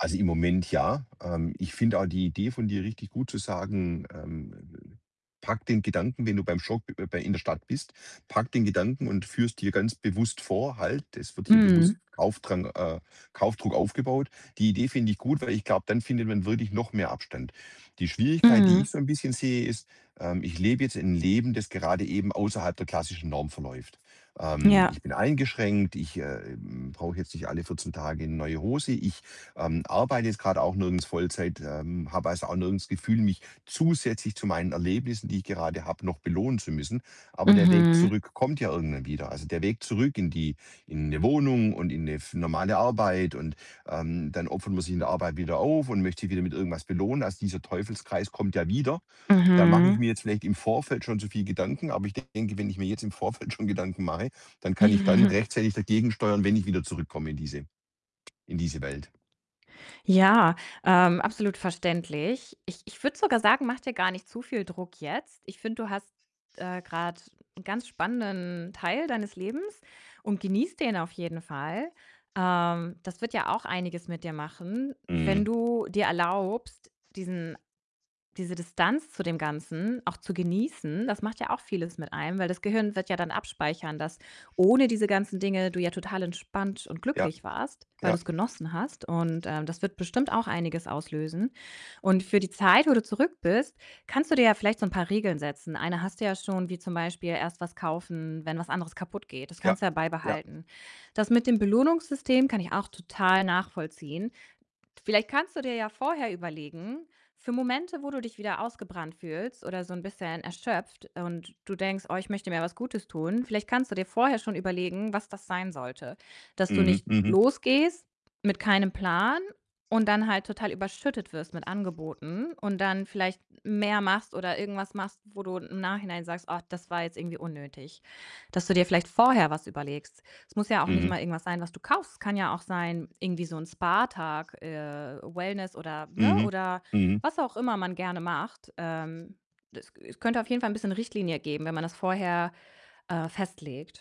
Also, im Moment ja. Ähm, ich finde auch die Idee von dir richtig gut, zu sagen, ähm, äh: „Packe den Gedanken, wenn du beim Shop bei in der Stadt bist, packe den Gedanken und führe es dir ganz bewusst vor: ‚Halt, das wird hier bewusst Mhm. Kaufdrang äh, Kaufdruck aufgebaut.'“ Die Idee finde ich gut, weil ich glaube, dann findet man wirklich noch mehr Abstand. Die Schwierigkeit, die ich Mhm. so 'n bisschen sehe, ist, ähm, ich lebe jetzt 'n Leben, das gerade eben außerhalb der klassischen Norm verläuft. Ähm, Ja. ich bin eingeschränkt. Ich, ähm, brauche jetzt nicht alle 14 Tage 'ne neue Hose. Ich, ähm, arbeite jetzt grad auch nirgends Vollzeit, ähm, habe, also, auch nirgends 'n Gefühl, mich zusätzlich zu meinen Erlebnissen, die ich gerade habe, noch belohnen zu müssen. Aber der Weg Mhm. zurück kommt ja irgendwann wieder. Also, der Weg zurück in die in 'ne Wohnung und in 'ne f normale Arbeit. Und, ähm, dann opfert man sich in der Arbeit wieder auf und möchte sich wieder mit irgendwas belohnen. Also, dieser Teufelskreis kommt ja wieder. Da mache ich Mhm. mir jetzt vielleicht im Vorfeld schon zu viel Gedanken. Aber ich denke, wenn ich mir jetzt im Vorfeld schon Gedanken mache, dann kann ich dann Mhm. rechtzeitig dagegen steuern, wenn ich wieder zurückkomme in diese in diese Welt. Ja, ähm, absolut verständlich. Ich ich würde sogar sagen, mach dir gar nicht zu viel Druck jetzt. Ich finde, du hast, äh, grade 'n ganz spannenden Teil deines Lebens und genießt den auf jeden Fall. Ähm, das wird ja auch einiges mit dir machen, wenn Mhm. du dir erlaubst, diesen diese Distanz zu dem Ganzen auch zu genießen. Das macht ja auch vieles mit einem. Weil das Gehirn wird ja dann abspeichern, dass ohne diese ganzen Dinge du ja total entspannt und Ja. glücklich warst, weil Ja. du's genossen hast. Und, ähm, das wird bestimmt auch einiges auslösen. Und für die Zeit, wo du zurück bist, kannst du dir ja vielleicht so 'n paar Regeln setzen. Eine hast du ja schon, wie zum Beispiel: „Erst was kaufen, wenn was anderes kaputt geht.“ Das Ja. kannst du ja Ja. beibehalten. Das mit dem Belohnungssystem kann ich auch total nachvollziehen. Vielleicht kannst du dir ja vorher überlegen, für Momente, wo du dich wieder ausgebrannt fühlst oder so 'n bisschen erschöpft, und du denkst: „Oh, ich möchte mir was Gutes tun“ Vielleicht kannst du dir vorher schon überlegen, was das sein sollte. Dass du Mhm. nicht Mhm. losgehst mit keinem Plan und dann halt total überschüttet wirst mit Angeboten. Und dann vielleicht mehr machst oder irgendwas machst, wo du im Nachhinein sagst. „Oh, das war jetzt irgendwie unnötig.“ Dass du dir vielleicht vorher was überlegst. Es muss ja auch nicht Mhm. mal irgendwas sein, was du kaufst. Es kann ja auch sein irgendwie so 'n Spa-Tag, äh, Wellness oder ne, Mhm. oder Mhm. was auch immer man gerne macht. Ähm, es es könnte auf jeden Fall 'n bisschen Richtlinie geben, wenn man das vorher, äh, festlegt.